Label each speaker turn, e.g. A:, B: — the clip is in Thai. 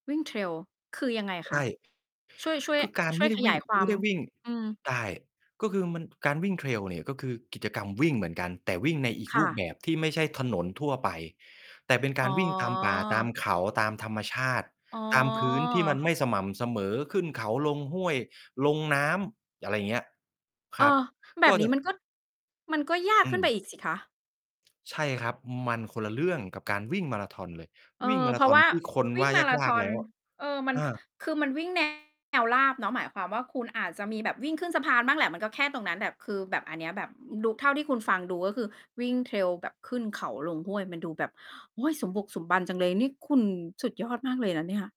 A: วิ่ง Trail คือยังไง
B: ใ
A: ค
B: ช
A: ะ?
B: ่
A: ช่วย ช่วย
B: คือการ
A: ช
B: ไ
A: ่
B: ม
A: วย
B: ่ได
A: ข
B: ้ว
A: ย
B: ิ
A: า
B: ่
A: ย
B: ง
A: คว
B: ไ
A: า
B: ม่
A: ม
B: ได้วิ่ง
A: อืม
B: ได้ ก็คือมัน การวิ่ง Trail เนี่ย ก็คือกิจกรรมวิ่งเหมือนกัน แต่วิ่งในอีก
A: ค
B: ร
A: ่
B: ูปแ
A: ะ
B: บบที่ไม่ใช่ถนนทั่วไป แต่เป็นก
A: อ
B: า
A: ๋อ
B: รวิ่งตามป่าตามเขา ตามธรรมชาติ
A: อ๋อ
B: ตามพื้นที่มันไม่สม่ำเสมอ ขึ้นเขา ลงห้วย ลงน้ำ อะไรอย่างเงี้ย
A: เ
B: ค
A: อ
B: รับ
A: อ แบ
B: ก็
A: บน
B: จ
A: ี้
B: ะ
A: มันก็ มันก็ยาก
B: อื
A: ขึ้นไป
B: ม
A: อีกสิคะ?
B: ใช่ครับ มันคนละเรื่องกับการวิ่งมาราธอนเลย
A: เอ
B: วิ่ง
A: อ
B: มา
A: เ
B: ร
A: พ
B: า
A: ร
B: ธ
A: าะ
B: อ
A: ว
B: น
A: ่า
B: ที่คน
A: วิ
B: ว
A: ่ง
B: ่า
A: มารา
B: ยา
A: ธ
B: ก
A: อ
B: ๆ แล
A: น
B: ้ว
A: เออ มัน
B: อา
A: คือมันวิ่ง แนว ราบเนาะ หมายความว่า คุณอาจจะมีแบบวิ่งขึ้นสะพานบ้างแหละ มันก็แค่ตรงนั้น แบบคือแบบอันเนี้ยแบบ อ ดู เท่าที่คุณ ฟังดู ก็คือวิ่ง Trail แบบขึ้นเขา ลงห้วย มันดูแบบ โอ๊ย สมบุกสมบันจังเลย นี่คุณสุดยอดมากเลยนะเนี่ย